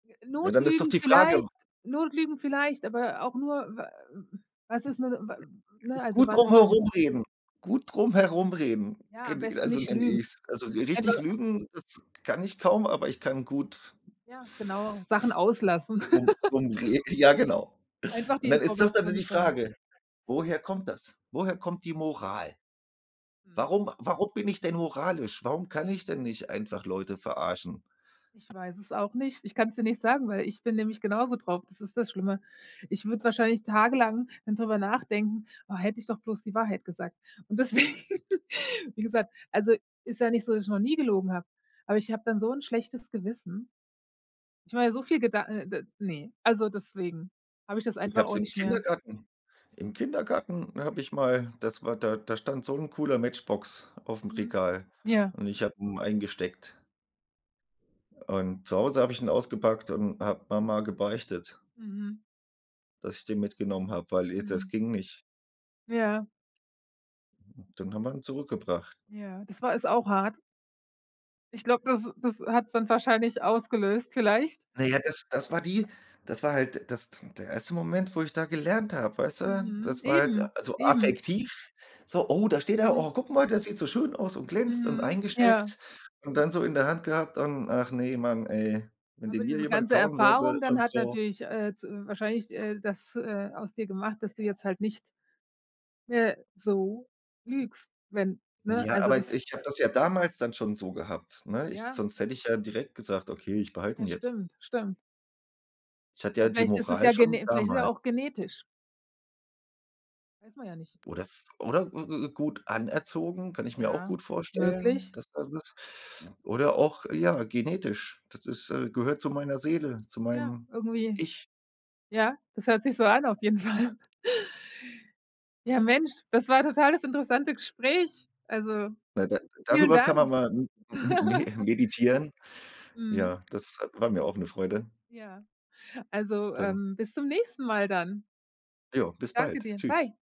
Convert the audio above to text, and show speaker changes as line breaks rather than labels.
Ja, dann ist doch
Notlügen
die Frage, w
vielleicht Notlügen vielleicht, aber auch nur, w was ist 'ne, w ne, also
Gut
wann
drum
ist denn
herumreden. Gut drum herumreden. G
Ja, am
n
besten
also,
nicht
nenne
lügen.
ich's. Also r
Einfach
richtig lügen, das kann ich kaum, aber ich kann gut
Ja, genau, Sachen auslassen.
drum, rum re ja, genau.
Einfach die
Und dann ist doch dann d
Information
die
nicht teilen.
Frage, woher kommt das? Woher kommt die Moral?
Mhm.
Warum warum bin ich denn moralisch? Warum kann ich denn nicht einfach Leute verarschen?
Ich weiß es auch nicht. Ich kann's dir nicht sagen, weil ich bin nämlich genauso drauf, das ist das Schlimme. Ich würde wahrscheinlich tagelang dann drüber nachdenken: „Oh, hätte ich doch bloß die Wahrheit gesagt.“ Und deswegen, wie gesagt also ist ja nicht so, dass ich noch nie gelogen habe, aber ich habe dann so 'n schlechtes Gewissen, ich mache mir so viel Gedan äh, d ne. Also deswegen habe ich das
Ich
einfach
habe es
auch
im
nicht mehr
Kindergarten im Kindergarten habe ich mal das war da da stand so 'n cooler Matchbox aufm
Mhm,
Regal
ja.
und ich habe ihn eingesteckt. Und zu Hause habe ich ihn ausgepackt und habe Mama gebeichtet
Mhm.
dass ich den mitgenommen hab, weil, äh, das
Mhm.
ging nicht.
Ja.
Dann haben wir ihn zurückgebracht.
Ja, das war ist auch hart. Ich glaube, das das hat's dann wahrscheinlich ausgelöst vielleicht.
Na ja, das das war die das war halt das der erste Moment, wo ich da gelernt habe, weiß du?
Mhm,
Das war halt
eben,
so
eben.
affektiv. So: „Oh, da steht er. Oh,
Mhm.
guck mal, der sieht so schön aus und glänzt und
Mhm, ja.
eingesteckt.“ Und dann so in der Hand gehabt und: „Ach ne, Mann, ey, wenn
Aber
den mir
diese
jemand
ganze
klauen würde
Erfahrung dann
und
hat
so.“
natürlich, äh, z wahrscheinlich, äh, das, äh, aus dir gemacht, dass du jetzt halt nicht mehr so lügst, wenn ne?
Ja,
Also
aber
das
ich habe das ja damals dann schon so gehabt, ne? Ich
Ja.
sonst hätte ich ja direkt gesagt: „Okay, ich behalte ihn
Ja,
jetzt."
stimmt, stimmt.
Ich hatte ja die
Vielleicht ist es
Moral
ja
schon
gene vielleicht ist ja
damal
auch genetisch. Weiß man ja nicht.
Oder v oder g g gut anerzogen, kann ich mir auch
Ja,
gut vorstellen,
möglich.
dass da was oder auch, ja, genetisch. Das ist äh, gehört zu meiner Seele, zu
Ja,
meinem
irgendwie.
Ich.
Ja, das hört sich so an auf jeden Fall. Ja, Mensch, das war total das interessante Gespräch. Also
Na, da
vielen
darüber kann man
Dank.
mal m m me meditieren.
Mhm.
Ja, das, äh, war mir auch 'ne Freude.
Ja. Also,
Dann
ähm, bis zum nächsten Mal dann.
Jo, bis
Danke
bald.
dir.
Tschüss.
Bye.